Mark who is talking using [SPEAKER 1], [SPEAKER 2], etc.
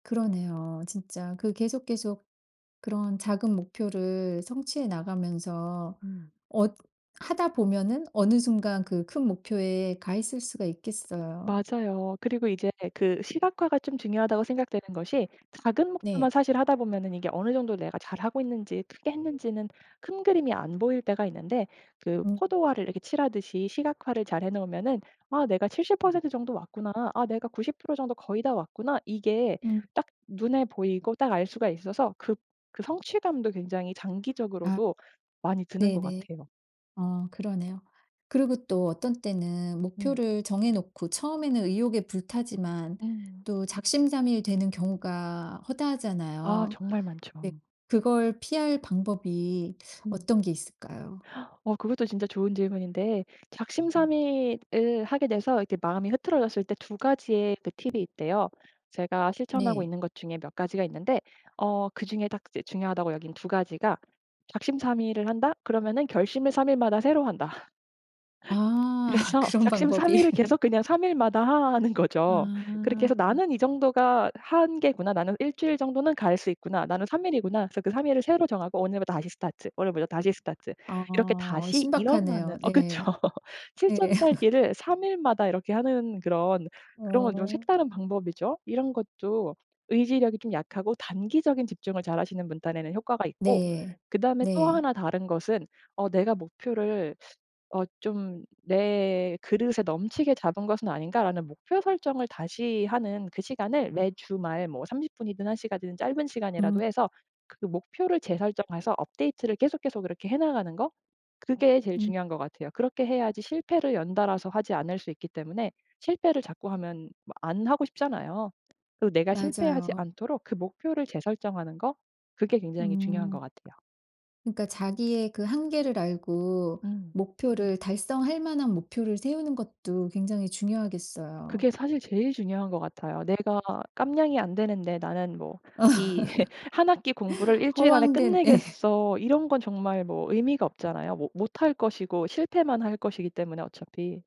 [SPEAKER 1] 그러네요. 진짜 그 계속 계속 그런 작은 목표를 성취해 나가면서
[SPEAKER 2] 음.
[SPEAKER 1] 어 하다 보면은 어느 순간 그 큰 목표에 가 있을 수가 있겠어요.
[SPEAKER 2] 맞아요. 그리고 이제 그 시각화가 좀 중요하다고 생각되는 것이 작은 목표만
[SPEAKER 1] 네.
[SPEAKER 2] 사실 하다 보면은 이게 어느 정도 내가 잘하고 있는지 크게 했는지는 큰 그림이 안 보일 때가 있는데 그
[SPEAKER 1] 음.
[SPEAKER 2] 포도알을 이렇게 칠하듯이 시각화를 잘해 놓으면은 '아 내가 70% 정도 왔구나. 아 내가 90% 정도 거의 다 왔구나.' 이게
[SPEAKER 1] 음.
[SPEAKER 2] 딱 눈에 보이고 딱 알 수가 있어서 그 그 성취감도 굉장히
[SPEAKER 1] 아.
[SPEAKER 2] 장기적으로도 많이 드는 것
[SPEAKER 1] 네네.
[SPEAKER 2] 같아요.
[SPEAKER 1] 어 그러네요. 그리고 또 어떤 때는
[SPEAKER 2] 음.
[SPEAKER 1] 목표를 정해놓고 처음에는 의욕에 불타지만
[SPEAKER 2] 음.
[SPEAKER 1] 또 작심삼일 되는 경우가
[SPEAKER 2] 아
[SPEAKER 1] 허다하잖아요.
[SPEAKER 2] 정말
[SPEAKER 1] 네.
[SPEAKER 2] 많죠.
[SPEAKER 1] 그걸 피할 방법이
[SPEAKER 2] 음.
[SPEAKER 1] 어떤 게 있을까요?
[SPEAKER 2] 어 그것도 진짜 좋은 질문인데
[SPEAKER 1] 음.
[SPEAKER 2] 작심삼일을 하게 돼서 이렇게 마음이 흐트러졌을 때 2 가지의 그 팁이 있대요. 제가 실천하고
[SPEAKER 1] 네.
[SPEAKER 2] 있는 것 중에 몇 가지가 있는데 어 그중에 딱 이제 중요하다고 여긴 2 가지가 '작심삼일을 한다.' 그러면은 '결심을 3 일마다 새로 한다.'
[SPEAKER 1] 아.
[SPEAKER 2] 그래서
[SPEAKER 1] 그런 방법이.
[SPEAKER 2] 작심삼일을 계속 그냥 3 일마다 하 하는 거죠. 그렇게
[SPEAKER 1] 아.
[SPEAKER 2] 해서 '나는 이 정도가 하 한계구나. 나는 일주일 정도는 갈 수 있구나. 나는 3 일이구나.' 그래서 그 3 일을 새로 정하고 오늘부터 다시 스타트. 오늘부터 다시 스타트.
[SPEAKER 1] 아
[SPEAKER 2] 이렇게
[SPEAKER 1] 어
[SPEAKER 2] 다시 일어나는
[SPEAKER 1] 신박하네요.
[SPEAKER 2] 어 그쵸.
[SPEAKER 1] 네. 예.
[SPEAKER 2] 칠전팔기를 3 일마다 이렇게 하는 그런 그런 건 좀
[SPEAKER 1] 어.
[SPEAKER 2] 색다른 방법이죠. 이런 것도 의지력이 좀 약하고 단기적인 집중을 잘하시는 분 딴에는 효과가 있고
[SPEAKER 1] 네.
[SPEAKER 2] 그다음에 또
[SPEAKER 1] 네.
[SPEAKER 2] 하나 다른 것은 어 '내가 목표를 어 좀 내 그릇에 넘치게 잡은 것은 아닌가.'라는 목표 설정을 다시 하는 그 시간을 매 주말 뭐 30 분이든 1 시간이든 짧은
[SPEAKER 1] 음.
[SPEAKER 2] 시간이라도 해서 그 목표를 재설정해서 업데이트를 계속 계속 그렇게 해 나가는 거. 그게 제일
[SPEAKER 1] 음.
[SPEAKER 2] 중요한 것 같아요. 그렇게 해야지 실패를 연달아서 하지 않을 수 있기 때문에 실패를 자꾸 하면 뭐 안 하고 싶잖아요. 그 내가 실패하지
[SPEAKER 1] 맞아요.
[SPEAKER 2] 않도록 그 목표를 재설정하는 거 그게 굉장히 중요한
[SPEAKER 1] 음.
[SPEAKER 2] 것 같아요.
[SPEAKER 1] 그니까 자기의 그 한계를 알고
[SPEAKER 2] 음.
[SPEAKER 1] 목표를 달성할 만한 목표를 세우는 것도 굉장히 중요하겠어요.
[SPEAKER 2] 그게 사실 제일 중요한 것 같아요. 내가 깜냥이 안 되는데 나는 뭐 이 '1 학기 공부를 일주일 안에
[SPEAKER 1] 허황된 예.
[SPEAKER 2] 끝내겠어.' 이런 건 정말 뭐 의미가 없잖아요. 뭐 못할 것이고 실패만 할 것이기 때문에 어차피.